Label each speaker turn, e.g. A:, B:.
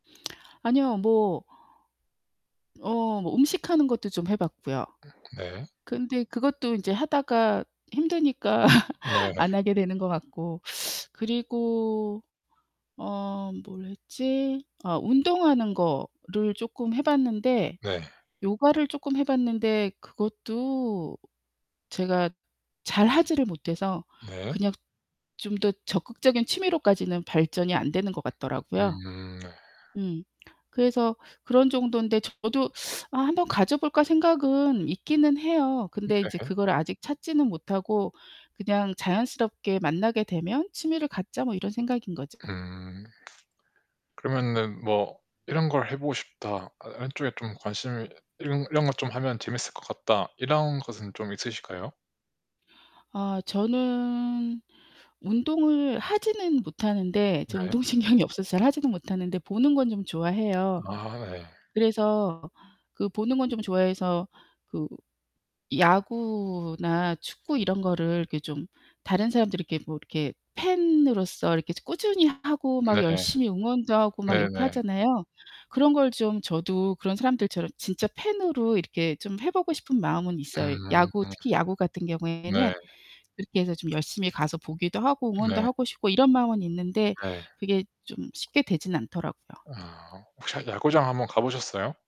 A: 아니요. 뭐 어 뭐 음식하는 것도 좀 해 봤고요.
B: 으 네.
A: 근데 그것도 이제 하다가 힘드니까
B: 네.
A: 안 하게 되는 것 같고. 그리고 어 뭘 했지? 어 운동하는 거를 쪼끔 해 봤는데
B: 네.
A: 요가를 쪼끔 해 봤는데 그것도 제가 잘 하지를 못해서
B: 네.
A: 그냥 좀 더 적극적인 취미로까지는 발전이 안 되는 것 같더라고요.
B: 음 네.
A: 음 그래서 그런 정도인데 저도 '아 한번 가져 볼까?' 생각은 있기는 해요. 근데 이제
B: 네.
A: 그걸 아직 찾지는 못하고 그냥 '자연스럽게 만나게 되면 취미를 갖자.' 뭐 이런 생각인거죠.
B: 음. 그러면은 뭐 '이런 걸 해 보고 싶다. 아 이런 쪽에 좀 관심을 이런, 이런 거 좀 하면 재밌을 것 같다.' 이런 것은 좀 있으실까요?
A: 아 저는 운동을 하지는 못하는데 저
B: 네.
A: 운동신경이 없어서 잘 하지는 못하는데 보는 건 좀 좋아해요.
B: 아 예.
A: 그래서 그 보는 건 좀 좋아해서 그 야구나 축구 이런 거를 이렇게 좀 다른 사람들 이렇게 뭐 이렇게 팬으로서 이렇게 좀 꾸준히 하 하고 막
B: 네.
A: 열심히 응원도 하고 막 이렇게
B: 네네.
A: 하잖아요. 그런 걸 좀 저도 그런 사람들처럼 진짜 팬으로 이렇게 좀 해 보고 싶은 마음은 있어요.
B: 음.
A: 야구, 특히 야구 같은 경우에는
B: 네.
A: 그렇게 해서 좀 열심히 가서 보기도 하고 응원도
B: 네.
A: 하고 싶고 이런 마음은 있는데
B: 네.
A: 그게 좀 쉽게 되진 않더라고요.
B: 아 혹시 한 야구장 한번 가 보셨어요?